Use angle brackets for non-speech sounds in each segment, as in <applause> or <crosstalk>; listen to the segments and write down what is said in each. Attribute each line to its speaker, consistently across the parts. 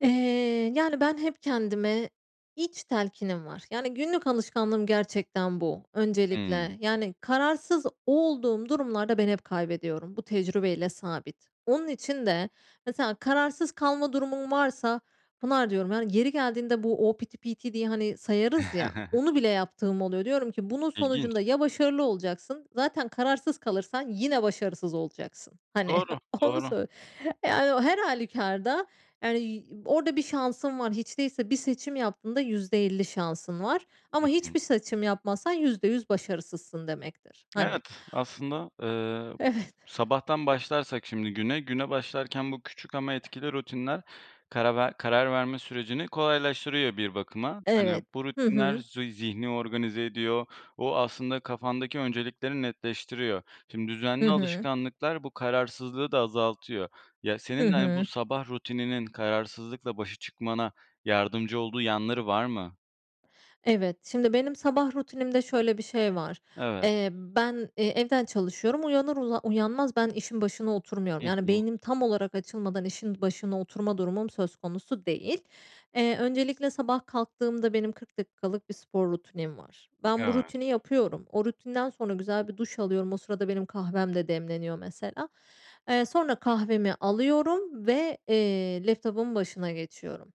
Speaker 1: Eee, yani, ben hep kendime iç telkinim var. Yani, günlük alışkanlığım gerçekten bu
Speaker 2: Hıı.
Speaker 1: öncelikle. Yani kararsız olduğum durumlarda ben hep kaybediyorum. Bu tecrübeyle sabit. Onun için de mesela kararsız kalma durumum varsa Pınar diyorum, yani, yeri geldiğinde bu o piti piti diye, hani, sayarız ya,
Speaker 2: <chuckles>
Speaker 1: onu bile yaptığım oluyor. Diyorum ki “Bunun
Speaker 2: İlginç.
Speaker 1: sonucunda ya başarılı olacaksın, zaten kararsız kalırsan yine başarısız olacaksın.“ Hani,
Speaker 2: Doğru,
Speaker 1: onu
Speaker 2: doğru.
Speaker 1: söy Yani, o her hâlükârda, yani, y orada bir şansın var. Hiç değilse bir seçim yaptığında %50 şansın var.
Speaker 2: Hı
Speaker 1: Ama
Speaker 2: hı.
Speaker 1: hiçbir seçim yapmazsan %100 başarısızsın demektir, hani
Speaker 2: Evet, aslında, ııı,
Speaker 1: Evet.
Speaker 2: sabahtan başlarsak şimdi güne, güne başlarken bu küçük ama etkili rutinler karar ver karar verme sürecini kolaylaştırıyor bir bakıma. Hani,
Speaker 1: Evet.
Speaker 2: bu
Speaker 1: Hı
Speaker 2: rutinler,
Speaker 1: hı.
Speaker 2: zu zihni organize ediyor. O, aslında kafandaki öncelikleri netleştiriyor. Şimdi
Speaker 1: Hı
Speaker 2: düzenli
Speaker 1: hı.
Speaker 2: alışkanlıklar bu kararsızlığı da azaltıyor. Ya,
Speaker 1: Hı
Speaker 2: senin de, hani, bu
Speaker 1: hı.
Speaker 2: sabah rutininin kararsızlıkla başa çıkmana yardımcı olduğu yanları var mı?
Speaker 1: Evet. Şimdi benim sabah rutinimde şöyle bir şey var.
Speaker 2: Evet.
Speaker 1: Eee, ben, eee, evden çalışıyorum. Uyanır uzan uyanmaz ben işin başına
Speaker 2: Hı
Speaker 1: oturmuyorum. Yani
Speaker 2: hı.
Speaker 1: beynim tam olarak açılmadan işin başına oturma durumum söz konusu değil. Eee, öncelikle sabah kalktığımda benim 40 dakikalık bir spor rutinim var. Ben bu
Speaker 2: Evet.
Speaker 1: rutini yapıyorum. O rutinden sonra güzel bir duş alıyorum. O sırada benim kahvem de demleniyor mesela. Eee, sonra kahvemi alıyorum ve, eee, laptopumun başına geçiyorum.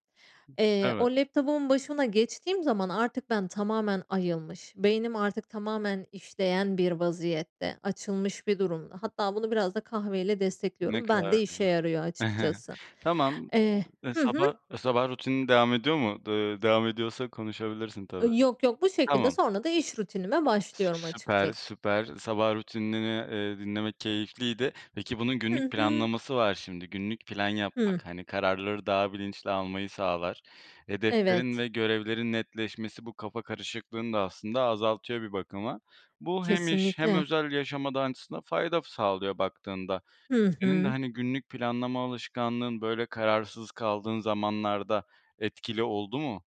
Speaker 1: Eee,
Speaker 2: Evet.
Speaker 1: o laptopumun başına geçtiğim zaman artık ben tamamen ayılmış, beynim artık tamamen işleyen bir vaziyette, açılmış bir durumda, hatta bunu biraz da kahve ile
Speaker 2: Ne
Speaker 1: destekliyorum.
Speaker 2: kadar
Speaker 1: Bende işe
Speaker 2: güzel.
Speaker 1: yarıyor
Speaker 2: <chuckles>
Speaker 1: açıkçası,
Speaker 2: Tamam.
Speaker 1: eee,
Speaker 2: Iıı,
Speaker 1: hı
Speaker 2: sabah
Speaker 1: hı.
Speaker 2: sabah rutinin devam ediyor mu? Iıı, devam ediyorsa konuşabilirsin tabii.
Speaker 1: Iıı, yok, yok bu şekilde
Speaker 2: Tamam.
Speaker 1: sonra da iş rutinime
Speaker 2: Sü
Speaker 1: başlıyorum
Speaker 2: süper,
Speaker 1: açıkçası.
Speaker 2: süper, sabah rutinini, ııı, dinlemek keyifliydi. Peki, bunun günlük
Speaker 1: Hı hı.
Speaker 2: planlaması var şimdi günlük plan
Speaker 1: Hı.
Speaker 2: yapmak, hani, kararları daha bilinçli almayı sağlar. Hedeflerin
Speaker 1: Evet.
Speaker 2: ve görevlerin netleşmesi bu kafa karışıklığını da aslında azaltıyor bir bakıma. Bu hem iş hem
Speaker 1: Kesinlikle.
Speaker 2: özel yaşama da aslında fayda sağlıyor baktığında.
Speaker 1: Hı
Speaker 2: Senin de,
Speaker 1: hı.
Speaker 2: hani, günlük planlama alışkanlığın, böyle, kararsız kaldığın zamanlarda etkili oldu mu?